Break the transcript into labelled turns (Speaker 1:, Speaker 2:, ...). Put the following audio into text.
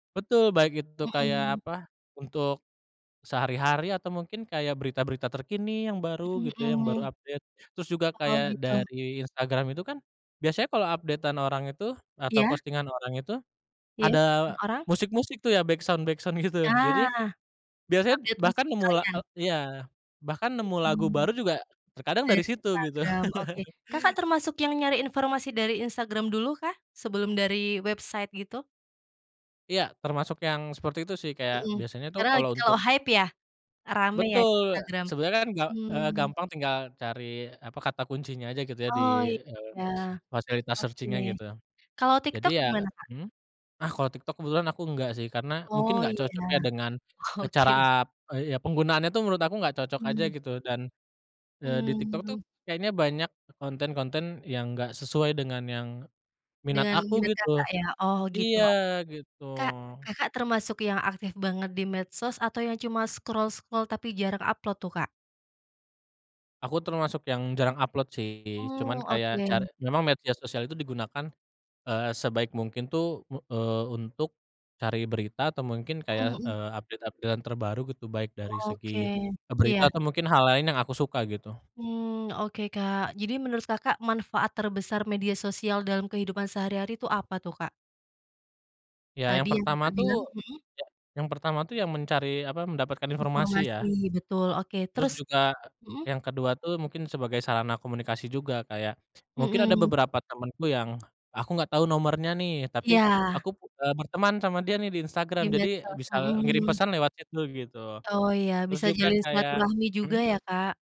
Speaker 1: Betul baik itu kayak
Speaker 2: Mhm.
Speaker 1: apa untuk, sehari-hari atau mungkin kayak berita-berita terkini yang baru
Speaker 2: Mhm
Speaker 1: gitu ya yang
Speaker 2: mhm.
Speaker 1: baru update terus juga
Speaker 2: Oh
Speaker 1: kayak
Speaker 2: gitu.
Speaker 1: dari Instagram itu kan, biasanya kalau update-an orang itu atau
Speaker 2: Iya.
Speaker 1: postingan orang itu,
Speaker 2: Iya
Speaker 1: ada
Speaker 2: masukin orang.
Speaker 1: musik-musik tuh ya backsound-backsound gitu jadi,
Speaker 2: Nah,
Speaker 1: biasanya
Speaker 2: update musik
Speaker 1: bahkan nemu la
Speaker 2: sekalian.
Speaker 1: eee, iya bahkan nemu lagu
Speaker 2: Mhm,
Speaker 1: baru juga, terkadang dari
Speaker 2: dari
Speaker 1: situ gitu.
Speaker 2: Instagram oke Kakak termasuk yang nyari informasi dari Instagram dulu kah? Sebelum dari website gitu?
Speaker 1: Iya termasuk yang seperti itu sih kayak
Speaker 2: Mhm,
Speaker 1: biasanya tuh
Speaker 2: karena
Speaker 1: kalau
Speaker 2: lagi
Speaker 1: untuk
Speaker 2: kalau hype ya? Rame ya
Speaker 1: Betul
Speaker 2: Instagram,
Speaker 1: sebenarnya kan ga eee,
Speaker 2: mmm.
Speaker 1: gampang tinggal cari apa kata kuncinya aja gitu ya di,
Speaker 2: Oh
Speaker 1: eee,
Speaker 2: ya,
Speaker 1: fasilitas
Speaker 2: oke,
Speaker 1: searching-nya gitu,
Speaker 2: kalau
Speaker 1: jadi
Speaker 2: TikTok
Speaker 1: ya,
Speaker 2: gimana Kak?
Speaker 1: mhm? Ah, kalau TikTok kebetulan aku enggak sih karena mungkin
Speaker 2: Oh
Speaker 1: nggak cocok ya
Speaker 2: iya
Speaker 1: dengan, cara,
Speaker 2: oke.
Speaker 1: eee, ya penggunaannya tuh menurut aku nggak cocok aja
Speaker 2: Mhm.
Speaker 1: gitu dan, eee, di TikTok tuh
Speaker 2: Mmm.
Speaker 1: kayaknya banyak konten-konten yang nggak sesuai dengan yang, minat
Speaker 2: Dengan
Speaker 1: aku
Speaker 2: minat
Speaker 1: gitu,
Speaker 2: Kakak ya oh gitu
Speaker 1: iya
Speaker 2: o
Speaker 1: gitu.
Speaker 2: Kak, Kakak termasuk yang aktif banget di medsos atau yang cuma scroll-scroll tapi jarang upload tuh, Kak?
Speaker 1: Aku termasuk yang jarang upload sih cuman
Speaker 2: Oh
Speaker 1: kayak car
Speaker 2: oke.
Speaker 1: memang media sosial itu digunakan, eee, sebaik mungkin tuh u eee, untuk, cari berita atau mungkin
Speaker 2: Mhm
Speaker 1: kayak,
Speaker 2: mhm.
Speaker 1: eee, update-update-an terbaru gitu baik dari
Speaker 2: Oke,
Speaker 1: segi, berita
Speaker 2: iya.
Speaker 1: atau mungkin hal lain yang aku suka gitu.
Speaker 2: Mmm, oke, Kak, jadi menurut Kakak manfaat terbesar media sosial dalam kehidupan sehari-hari tuh apa tuh, Kak?
Speaker 1: Ya yang
Speaker 2: Tadi yang
Speaker 1: pertama
Speaker 2: Kakak
Speaker 1: tuh,
Speaker 2: bilang, mhm.
Speaker 1: ya yang pertama tuh ya mencari apa mendapatkan informasi ya.
Speaker 2: Informasi betul oke
Speaker 1: Terus
Speaker 2: terus,
Speaker 1: juga
Speaker 2: mhm.
Speaker 1: yang kedua tuh mungkin sebagai sarana komunikasi juga kayak, mungkin ada
Speaker 2: Mhm.
Speaker 1: beberapa temenku yang, aku nggak tahu nomornya nih tapi
Speaker 2: Iya.
Speaker 1: aku, eee, berteman sama dia nih di Instagram
Speaker 2: Di
Speaker 1: jadi
Speaker 2: medsos,
Speaker 1: bisa ngirim
Speaker 2: mhm.
Speaker 1: pesan lewat chat dulu gitu,
Speaker 2: Oh iya
Speaker 1: terus
Speaker 2: bisa
Speaker 1: juga
Speaker 2: jalin
Speaker 1: kayak,
Speaker 2: silaturahmi juga
Speaker 1: mhm.
Speaker 2: ya, Kak.